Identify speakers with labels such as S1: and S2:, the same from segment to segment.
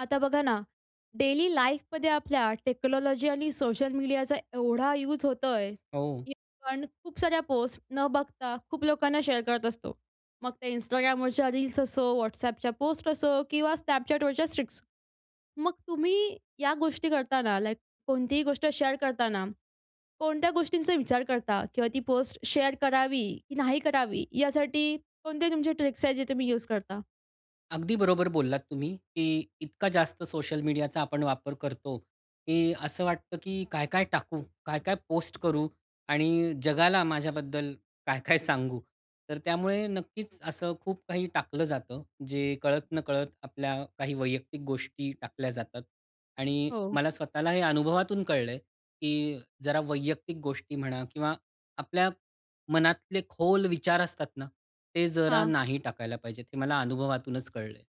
S1: आता बघा ना, डेली लाईफमध्ये आपल्या टेक्नॉलॉजी आणि सोशल मीडियाचा एवढा युज होतोय,
S2: हो.
S1: की आपण खूप साऱ्या पोस्ट न बघता खूप लोकांना शेअर करत असतो. मग त्या Instagramवरच्या रील्स असो, WhatsAppच्या पोस्ट असो किंवा Snapchatवरच्या स्ट्रीक्स. मग तुम्ही या गोष्टी करताना लाइक कोणतीही गोष्ट शेअर करतांना कोणत्या गोष्टींचा विचार करता? किंवा ती पोस्ट शेअर करावी की नाही करावी, यासाठी कोणते तुमचे ट्रिक्स आहेत जे तुम्ही युज करता?
S2: अगदी बरोबर बोललात तुम्ही, की इतका जास्त सोशल मीडियाचा आपण वापर करतो, की असं वाटतं, की "काय-काय टाकू? काय-काय पोस्ट करू? आणि जगाला माझ्याबद्दल काय-काय सांगू?" तर त्यामुळे नक्कीच असं खूप काही टाकलं जातं. जे कळत-नकळत आपल्या काही वैयक्तिक गोष्टी टाकल्या जातात. आणि
S1: हो.
S2: मला स्वतःला हे अनुभवातून कळलं आहे, की जरा वैयक्तिक गोष्टी म्हणा किंवा आपल्या मनातले खोल विचार असतात ना, ते जरा
S1: हां.
S2: नाही टाकायला पाहिजे. हे मला अनुभवातूनच कळलं आहे.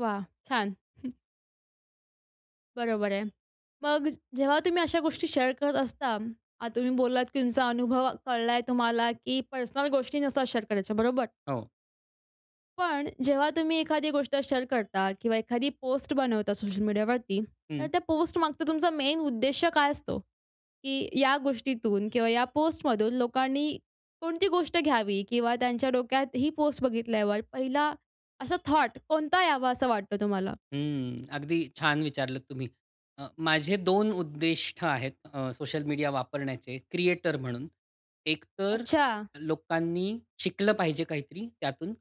S1: वाह! छान. बरोबर आहे. मग जेव्हा तुम्ही अशा गोष्टी शेअर करत असता, आता तुम्ही बोललात, की तुमचा अनुभव कळलाय तुम्हाला की पर्सनल गोष्टी नसतात शेअर करायच्या, बरोबर.
S2: हो.
S1: पण जेव्हा तुम्ही एखादी गोष्ट शेअर करता किंवा एखादी पोस्ट बनवता सोशल मीडियावरती तर
S2: हं.
S1: त्या पोस्ट मागचा तुमचा मेन उद्देश्य काय असतो? की या गोष्टीतून किंवा या पोस्टमधून लोकांनी कोणती गोष्ट घ्यावी किंवा त्यांच्या डोक्यात ही पोस्ट बघितल्यावर पहिला असा थॉट कोणता यावा असं वाटतं तुम्हाला?
S2: हम्म, अगदी छान विचारलत तुम्ही. अ, माझे 2 उद्दिष्ट आहेत अ, सोशल मीडिया वापरण्याचे क्रिएटर म्हणून एकतर
S1: अच्छा!
S2: लोकांनी शिकलं पाहिजे काहीतरी त्यातून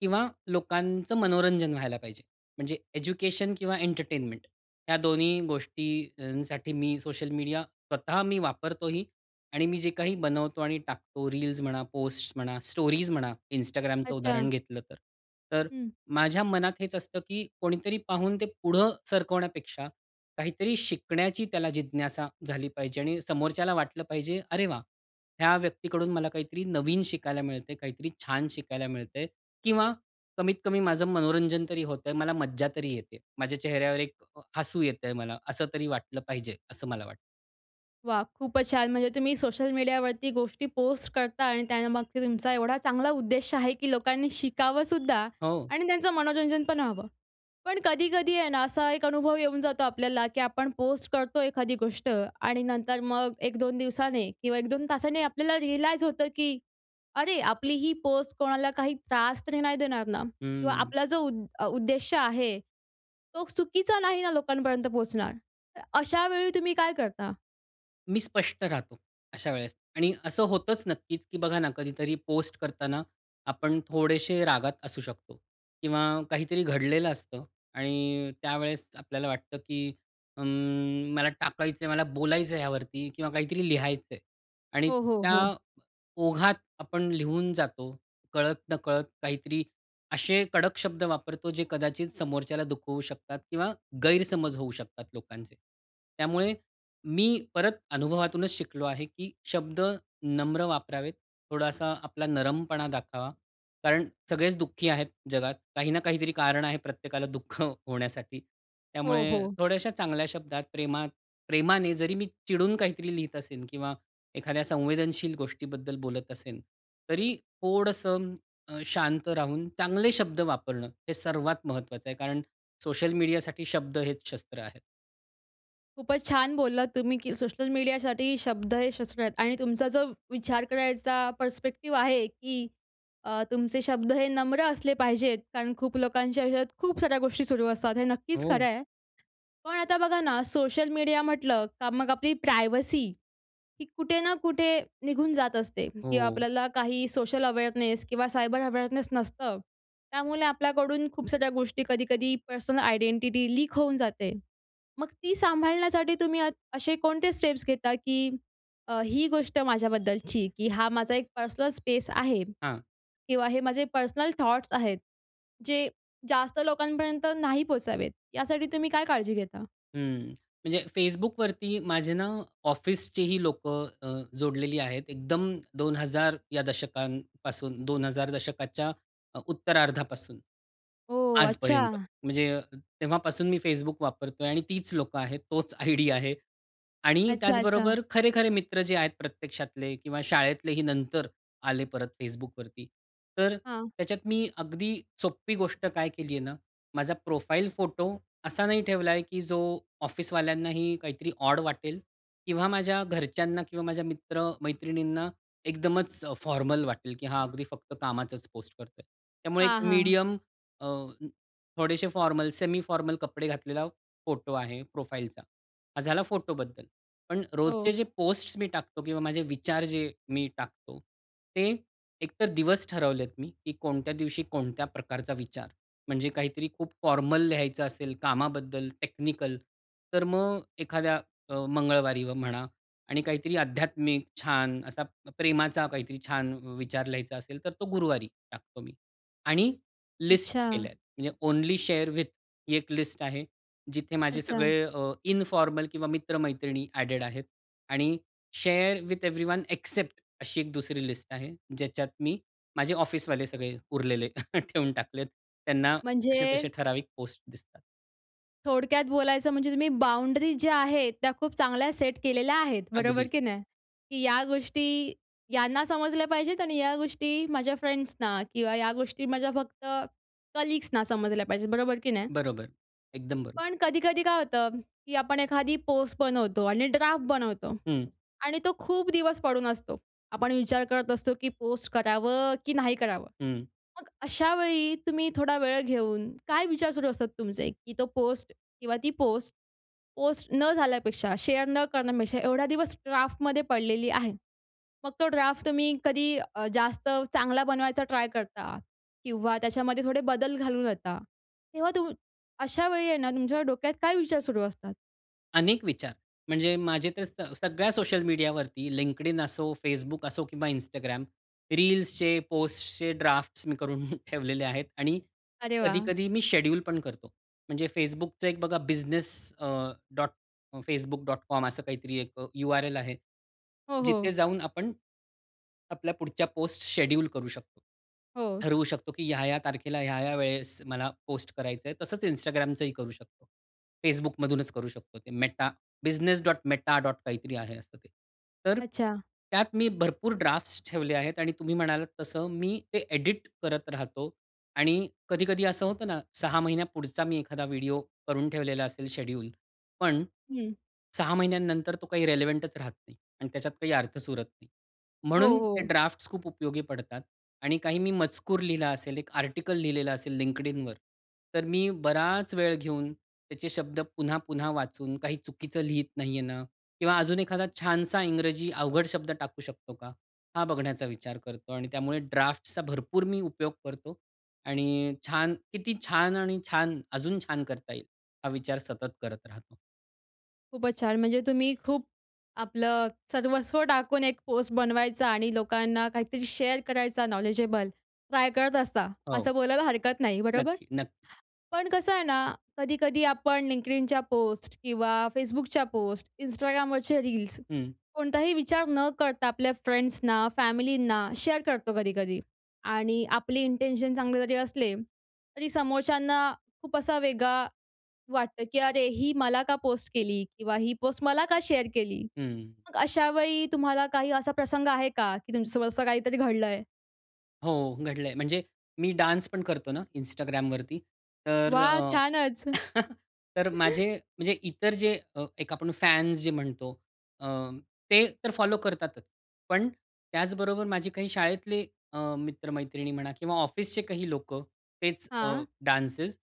S2: किंवा लोकांचं मनोरंजन व्हायला पाहिजे. म्हणजे एज्युकेशन किंवा एंटरटेनमेंट ह्या दोन्ही गोष्टींसाठी मी सोशल मीडिया स्वतः मी वापरतोही आणि मी जे काही बनवतो आणि टाकतो रील्स म्हणा, पोस्ट्स म्हणा, स्टोरीज म्हणा, Instagramचं उदाहरण
S1: अच्छा!
S2: घेतलं तर. तर
S1: हं.
S2: माझ्या मनात हेच असतं की कोणीतरी पाहून ते पुढं सरकवण्यापेक्षा काहीतरी शिकण्याची त्याला जिज्ञासा झाली पाहिजे आणि समोरच्याला वाटलं पाहिजे, "अरे वाह! ह्या व्यक्तीकडून मला काहीतरी नवीन शिकायला मिळतंय, काहीतरी छान शिकायला मिळतंय." किंवा कमीत कमी "माझं मनोरंजन तरी होतंय. मला मज्जा तरी येते. माझ्या चेहऱ्यावर एक हसू येतं आहे मला." असं तरी वाटलं पाहिजे. असं मला वाटतं.
S1: वाह! खूपच छान! म्हणजे तुम्ही सोशल मीडियावरती गोष्टी पोस्ट करता आणि त्या मागचा तुमचा एवढा चांगला उद्देश आहे, की लोकांनी शिकावं सुद्धा
S2: हो.
S1: आणि त्यांचं मनोरंजन पण व्हावं. पण कधी-कधी आहे ना असा एक अनुभव येऊन जातो आपल्याला, की आपण पोस्ट करतो एखादी गोष्ट. आणि नंतर मग 1-2 दिवसाने किंवा 1-2 तासांनी आपल्याला रीअलाइज होतं, की अरे, आपली ही पोस्ट कोणाला काही त्रास तरी नाही देणार ना किंवा
S2: हं.
S1: आपला जो उ उद्देश्य आहे, तो चुकीचा नाही ना लोकांपर्यंत पोहोचणार, तर अशा वेळी तुम्ही काय करता?
S2: मी स्पष्ट राहतो अशा वेळेस. आणि असं होतच नक्कीच, की बघा ना कधीतरी पोस्ट करताना आपण थोडेशे रागात असू शकतो. किंवा काहीतरी घडलेलं असतं. आणि त्यावेळेस आपल्याला वाटतं, की अं, मला टाकायचंय मला बोलायचंय ह्यावरती किंवा काहीतरी लिहायचंय. आणि
S1: हो, हो,
S2: त्या
S1: हो.
S2: ओघात आपण लिहून जातो कळत नकळत काहीतरी असे कडक शब्द वापरतो जे कदाचित समोरच्याला दुखवू शकतात किंवा गैरसमज होऊ शकतात लोकांचे. त्यामुळे मी परत अनुभवातूनच शिकलो आहे, की शब्द नम्र वापरावेत, थोडासा आपला नरमपणा दाखावा. कारण सगळेच दुःखी आहेत जगात काही ना काहीतरी कारण आहे प्रत्येकाला दुःख होण्यासाठी.
S1: हो,
S2: त्यामुळे
S1: हो.
S2: थोड्याश्या चांगल्या शब्दात प्रेमात प्रेमाने जरी मी चिडून काहीतरी लिहत असेन किंवा एखाद्या संवेदनशील गोष्टीबद्दल बोलत असेन, तरी थोडंस अ, शांत राहून चांगले शब्द वापरणं हे सर्वात महत्वाचं आहे. कारण सोशल मीडिया साठी शब्द हेच शस्त्र आहेत.
S1: खूपच छान बोललात तुम्ही की सोशल मीडियासाठी शब्द हे शस्त्र आहेत. आणि तुमचा जो विचार करायचा पर्स्पेक्टिव्ह आहे की अ, तुमचे शब्द हे नम्र असले पाहिजेत. कारण खूप लोकांच्या आयुष्यात खूप साऱ्या गोष्टी सुरू असतात. हे नक्कीच खरं
S2: हो.
S1: आहे. पण आता बघा ना सोशल मीडिया म्हटलं का मग आपली प्रायव्हसी ही कुठे ना कुठे निघून जात असते किंवा
S2: हो.
S1: आपल्याला काही सोशल अवेअरनेस किंवा सायबर अवेअरनेस नसतं. त्यामुळे आपल्याकडून खूप साऱ्या गोष्टी कधी-कधी पर्सनल आयडेंटिटी लीक होऊन जाते. मग ती सांभाळण्यासाठी तुम्ही अ असे कोणते स्टेप्स घेता? की अ, ही गोष्ट माझ्याबद्दलची की हा माझा एक पर्सनल स्पेस आहे
S2: हां.
S1: किंवा हे माझे पर्सनल थॉट्स आहेत, जे जास्त लोकांपर्यंत नाही पोहचावेत, यासाठी तुम्ही काय काळजी घेता?
S2: हं. म्हणजे Facebookवरती माझे ना ऑफिसचे ही लोकं अ, जोडलेली आहेत. एकदम 2000 या दशकांपासून, 2000 दशकाच्या अ, उत्तरार्धापासून
S1: हो.
S2: आजपर्यंत.
S1: अच्छा.
S2: म्हणजे तेव्हापासून मी Facebook वापरतोय आणि तीच लोकं आहेत. तोच आयडी आहे आणि
S1: अच्छा, अच्छा.
S2: त्याचबरोबर खरे-खरे मित्र जे आहेत प्रत्यक्षातले किंवा शाळेतलेही नंतर आले परत Facebookवरती. तर
S1: हां.
S2: त्याच्यात मी अगदी सोपी गोष्ट काय केली आहे ना, माझा प्रोफाइल फोटो असा नाही ठेवलाय की जो ऑफिसवाल्यांनाही काहीतरी ऑड वाटेल किंवा माझ्या घरच्यांना किंवा माझ्या मित्र-मैत्रिणींना एकदमच फॉर्मल वाटेल की हा अगदी फक्त कामाचाच पोस्ट करतोय. त्यामुळे एक
S1: हां, हां.
S2: मीडियम अ, थोडेसे फॉर्मल, सेमी फॉर्मल कपडे घातलेला फोटो आहे प्रोफाइलचा. हा झाला फोटोबद्दल. पण रोजचे
S1: हो.
S2: जे पोस्ट्स मी टाकतो किंवा माझे विचार जे मी टाकतो ते एक तर दिवस ठरवलेत मी की कोणत्या दिवशी कोणत्या प्रकारचा विचार, म्हणजे काहीतरी खूप फॉर्मल लिहायचं असेल कामाबद्दल टेक्निकल, तर मग एखाद्या अ, मंगळवारी म्हणा आणि काहीतरी आध्यात्मिक छान असा प्रेमाचा काहीतरी छान विचार लिहायचा असेल, तर तो गुरुवारी टाकतो मी आणि लिस्ट्स
S1: अच्छा.
S2: केल्यात. म्हणजे ओन्ली शेअर विथ ही एक लिस्ट आहे. जिथे माझे
S1: अच्छा.
S2: सगळे अ, इन्फॉर्मल किंवा मित्र-मैत्रिणी ॲडेड आहेत. आणि शेअर विथ एव्हरीवन एक्सेप्ट अशी एक दुसरी लिस्ट आहे. ज्याच्यात मी माझे ऑफिसवाले सगळे उरलेले ठेवून टाकलेत. त्यांना तसे-तसे
S1: म्हणजे?
S2: ठराविक पोस्ट दिसतात.
S1: थोडक्यात बोलायचं म्हणजे तुम्ही बाउंडरीज ज्या आहेत त्या खूप चांगल्या सेट केलेल्या आहेत. बरोबर
S2: अगदी.
S1: की नाही? की या गोष्टी यांना समजल्या पाहिजेत आणि या गोष्टी माझ्या फ्रेंड्सना किंवा या गोष्टी माझ्या फक्त कलीग्सना समजल्या पाहिजेत. बरोबर की नाही?
S2: बरोबर, एकदम बरोबर.
S1: पण कधी-कधी काय होतं की आपण एखादी पोस्ट बनवतो आणि ड्राफ्ट बनवतो
S2: हं.
S1: आणि तो खूप दिवस पडून असतो. आपण विचार करत असतो, की पोस्ट करावं की नाही करावं?
S2: हं.
S1: मग अशावेळी तुम्ही थोडा वेळ घेऊन, काय विचार सुरू असतात तुमचे? की तो पोस्ट किंवा ती पोस्ट, पोस्ट न झाल्यापेक्षा, शेअर न करण्यापेक्षा, एवढा दिवस ड्राफ्टमध्ये पडलेली आहे. मग तो ड्राफ्ट तुम्ही कधी अ, जास्त चांगला बनवायचा ट्राय करता किंवा त्याच्यामध्ये थोडे बदल घालवून देता. तेव्हा तू अशा वेळी आहे ना, तुमच्यावर डोक्यात काय विचार सुरू असतात?
S2: अनेक विचार. म्हणजे माझे तर स सगळ्या सोशल मीडियावरती LinkedIn असो, Facebook असो किंवा Instagram. रील्सचे, पोस्टचे ड्राफ्ट्स मी करून ठेवलेले आहेत आणि
S1: अरे वाह!
S2: कधी-कधी मी शेड्यूल पण करतो. म्हणजे Facebookच एक बघा बिझनेस अ, डॉट facebook.com असं काहीतरी एक यु-आर-एल आहे,
S1: हो,
S2: जिथे
S1: हो.
S2: जाऊन आपण आपल्या पुढच्या पोस्ट शेड्यूल करू शकतो.
S1: हो.
S2: ठरवू शकतो, की ह्या-ह्या तारखेला ह्या-ह्या वेळेस मला पोस्ट करायचंय. तसंच Instagramचही करू शकतो. Facebookमधूनच करू शकतो ते मेटा business.meta. काहीतरी आहे असं ते. तर
S1: अच्छा.
S2: त्यात मी भरपूर ड्राफ्ट्स ठेवले आहेत आणि तुम्ही म्हणालात तसं मी ते एडिट करत राहतो आणि कधी-कधी असं होतं ना, 6 महिन्या पुढचा मी एखादा व्हिडिओ करून ठेवलेला असेल शेड्यूल. पण
S1: हं.
S2: 6 महिन्यानंतर तो काही रेलेव्हंटच राहत नाही आणि त्याच्यात काही अर्थच उरत नाही.
S1: हो,
S2: म्हणून ते
S1: हो.
S2: ड्राफ्ट्स खूप उपयोगी पडतात आणि काही मी मजकूर लिहिला असेल, एक आर्टिकल लिहिलेलं असेल LinkedInवर, तर मी बराच वेळ घेऊन त्याचे शब्द पुन्हा-पुन्हा वाचून काही चुकीचं लिहीत नाहीये ना किंवा अजून एखादा छानसा इंग्रजी अवघड शब्द टाकू शकतो का? हा बघण्याचा विचार करतो आणि त्यामुळे ड्राफ्ट्सचा भरपूर मी उपयोग करतो आणि छान किती छान आणि छान, अजून छान करता येईल, हा विचार सतत करत राहतो.
S1: खूपच छान. म्हणजे तुम्ही खूप आपलं सर्वस्व टाकून एक पोस्ट बनवायचा आणि लोकांना काहीतरी शेअर करायचा नॉलेजेबल, ट्राय करत असता
S2: हो.
S1: असं बोलायला हरकत नाही. बरोबर.
S2: नक्की नक्की.
S1: पण कसं आहे ना, कधी-कधी आपण Linkedinच्या पोस्ट किंवा Facebookच्या पोस्ट, Instagramवरचे रील्स
S2: हं.
S1: कोणताही विचार न करता आपल्या फ्रेंड्सना, फॅमिलींना शेअर करतो कधी-कधी आणि आपले इंटेन्शन चांगले जरी असले तरी समोरच्यांना खूप असा वेगळा वाटतं, की "अरे, ही मला का पोस्ट केली किंवा ही पोस्ट मला का शेअर केली?"
S2: हं.
S1: मग अशा वेळी तुम्हाला काही असा प्रसंग आहे का, की तुमच्या सोबत असं काहीतरी घडलं आहे?
S2: हो, घडलं आहे. म्हणजे मी डान्स पण करतो ना Instagramवरती, तर
S1: वाह!
S2: अ,
S1: छानच.
S2: तर माझे म्हणजे इतर जे अ, एक आपण फॅन्स जे म्हणतो अ, ते तर फॉलो करतातच. पण त्याचबरोबर माझे काही शाळेतले अ, मित्र-मैत्रिणी म्हणा किंवा ऑफिसचे काही लोकं तेच अ,
S1: हां.
S2: डान्सेज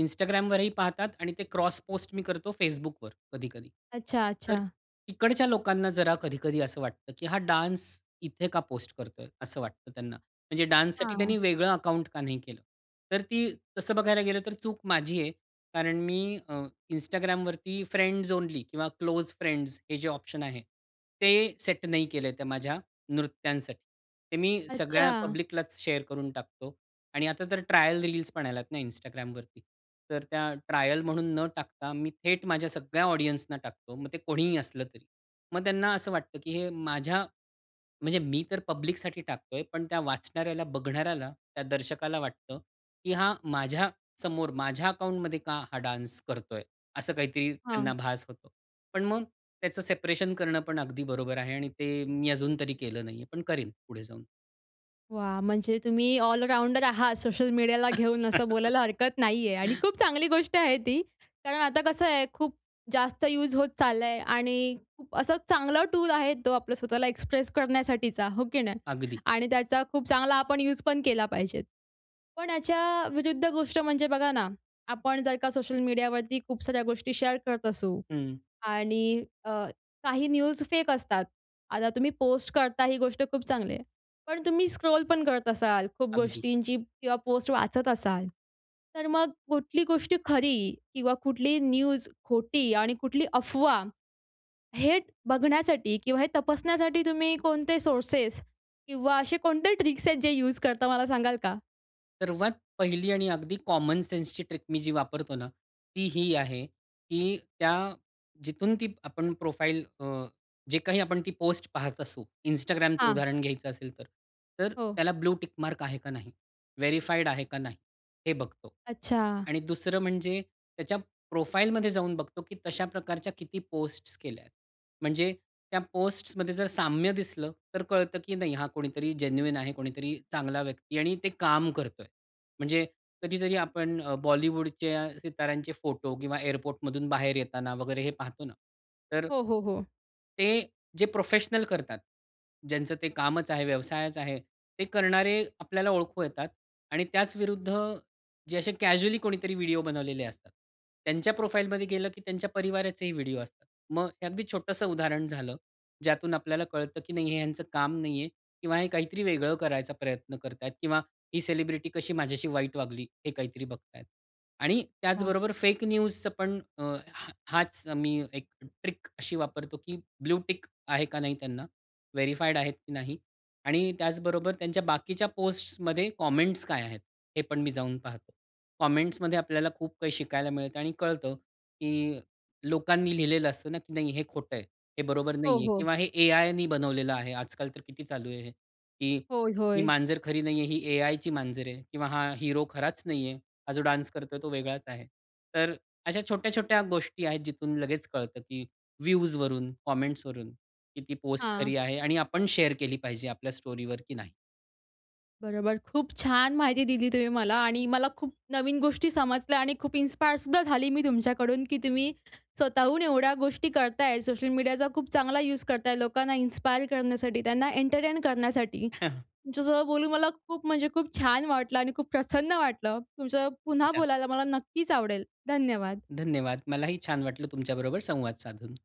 S2: Instagramवरही पाहतात आणि ते क्रॉस पोस्ट मी करतो Facebookवर कधी-कधी.
S1: अच्छा,
S2: तर
S1: अच्छा.
S2: तिकडच्या लोकांना जरा कधी-कधी असं वाटतं, की हा डान्स इथे का पोस्ट करतोय? असं वाटतं त्यांना. म्हणजे डान्ससाठी
S1: हां.
S2: त्यांनी वेगळं अकाउंट का नाही केलं? तर ती तसं बघायला गेलं तर चूक माझी आहे. कारण मी अ, Instagramवरती फ्रेंड्स ओन्ली किंवा क्लोज फ्रेंड्स हे जे ऑप्शन आहे ते सेट नाही केलं, त्या माझ्या नृत्यांसाठी. ते मी सगळ्या
S1: अच्छा.
S2: पब्लिकलाच शेअर करून टाकतो आणि आता तर ट्रायल रिलीजपण आल्यात ना Instagramवरती. तर त्या ट्रायल म्हणून न टाकता मी थेट माझ्या सगळ्या ऑडियन्सना टाकतो. मग ते कोणीही असलं तरी. मग त्यांना असं वाटतं की हे माझ्या म्हणजे मी तर पब्लिकसाठी टाकत आहे. पण त्या वाचणाऱ्याला, बघणाऱ्याला त्या दर्शकाला वाटतं, की हा माझ्यासमोर माझ्या अकाउंटमध्ये का हा डान्स करतोय? असं काहीतरी त्यांना
S1: हां.
S2: भास होतो. पण मग त्याचं सेपरेशन करणं पण अगदी बरोबर आहे आणि ते मी अजून तरी केलं नाही आहे पण करीन पुढे जाऊन.
S1: वाह! म्हणजे तुम्ही ऑल-राउंडर आहात सोशल मीडियाला घेऊन असं बोलायला हरकत नाहीये आणि खूप चांगली गोष्ट आहे ती. कारण आता कसं आहे खूप जास्त युज होत चाललंय आणि खूप असा चांगला टूल आहे तो आपला स्वतःला एक्सप्रेस करण्यासाठीचा, हो की नाही?
S2: अगदी.
S1: आणि त्याचा खूप चांगला आपण यूज पण केला पाहिजे. पण याच्या विरुद्ध गोष्ट म्हणजे बघा ना आपण जर का सोशल मीडिया वरती खूप साऱ्या गोष्टी शेअर करत असू,
S2: हं.
S1: आणि अ, काही न्यूज फेक असतात, आता तुम्ही पोस्ट करता ही गोष्ट खूप चांगली आहे पण तुम्ही स्क्रोल पण करत असाल खूप
S2: अगदी.
S1: गोष्टींची किंवा पोस्ट वाचत असाल तर मग कुठली गोष्टी खरी किंवा कुठली न्यूज खोटी आणि कुठली अफवा हे बघण्यासाठी किंवा हे तपासण्यासाठी तुम्ही कोणते सोर्सेस किंवा असे कोणते ट्रिक्स आहेत जे युज करता मला सांगाल का?
S2: सर्वात पहिली आणि अगदी कॉमन सेन्सची ट्रिक मी जी वापरतो ना ती ही आहे की त्या जिथून ती आपण प्रोफाइल अ, जे काही आपण ती पोस्ट पाहत असू Instagramचं
S1: हां.
S2: उदाहरण घ्यायचं असेल तर तर
S1: हो.
S2: त्याला ब्लू टिक मार्क आहे का नाही? व्हेरिफाइड आहे का नाही? हे बघतो.
S1: अच्छा.
S2: आणि दुसरं म्हणजे त्याच्या प्रोफाइल मध्ये जाऊन बघतो, की तशा प्रकारच्या किती पोस्ट्स केल्या आहे. म्हणजे त्या पोस्ट्समध्ये जर साम्य दिसलं तर कळतं, की नाही हा कोणीतरी आहे कोणीतरी चांगला व्यक्ती आणि ते काम करतोय. म्हणजे कधीतरी आपण अ, बॉलिवूडचे सिताऱ्यांचे फोटो किंवा एअरपोर्ट मधून बाहेर येताना वगैरे हे पाहतो ना. तर
S1: हो, हो, हो.
S2: ते, जे प्रोफेशनल करतात, ज्यांचं ते कामच आहे व्यवसायच आहे; ते करणारे आपल्याला ओळखू येतात आणि त्याच विरुद्ध जे असे कॅज्युअली कोणीतरी व्हिडिओ बनवलेले असतात. त्यांच्या प्रोफाइल मध्ये गेलं की त्यांच्या परिवाराचे व्हिडिओ असतात. मग हे अगदी छोटसं उदाहरण झालं. ज्यातून आपल्याला कळतं की नाही हे ह्यांचं काम नाही आहे किंवा हे काहीतरी वेगळं करायचा प्रयत्न करत आहेत किंवा ही सेलिब्रिटी कशी माझ्याशी वाईट वागली हे काहीतरी बघत आहेत. आणि
S1: वाह!
S2: त्याचबरोबर फेक न्यूजच पण अ, हा हाच मी एक ट्रिक अशी वापरतो की ब्लू टिक आहे का नाही त्यांना? व्हेरीफाईड आहेत की नाही? आणि त्याचबरोबर त्यांच्या बाकीच्या पोस्ट्स मध्ये कॉमेंट्स काय आहेत? हे पण मी जाऊन पाहतो. कॉमेंट्समध्ये आपल्याला खूप काही शिकायला मिळत आणि कळतं की लोकांनी लिहिलेलं असतं ना की नाही हे खोट आहे, हे बरोबर
S1: हो,
S2: नाही आहे,
S1: हो.
S2: किंवा हे एआयनी बनवलेलं आहे. आजकाल तर किती चालू आहे हे, की
S1: होय,
S2: ही
S1: होय.
S2: मांजर खरी नाहीये, ही ए-आयची मांजर आहे किंवा हा हीरो खराच नाहीये. हा जो डान्स करतोय तो वेगळाच आहे. तर अशा छोट्या-छोट्या गोष्टी आहेत जिथून लगेच कळतं की व्हिवजवरून, कॉमेंट्सवरून की ती पोस्ट
S1: हां.
S2: खरी आहे आणि आपण शेअर केली पाहिजे आपल्या स्टोरीवर की नाही.
S1: बरोबर. खूप छान माहिती दिली तुम्ही मला आणि मला खूप नवीन गोष्टी समजल्या आणि खूप इन्स्पायर सुद्धा झाली मी तुमच्याकडून की तुम्ही स्वतःहून एवढ्या गोष्टी करताय. सोशल मीडियाचा खूप चांगला यूज करताय लोकांना इन्स्पायर करण्यासाठी, त्यांना एंटरटेन करण्यासाठी. तुमच्यासोबत बोलून मला खूप म्हणजे खूप छान वाटलं आणि खूप प्रसन्न वाटलं. तुमचं
S2: किती
S1: पुन्हा
S2: छान!
S1: बोलायला मला नक्कीच आवडेल. धन्यवाद.
S2: धन्यवाद. मलाही छान वाटलं, तुमच्याबरोबर संवाद साधून.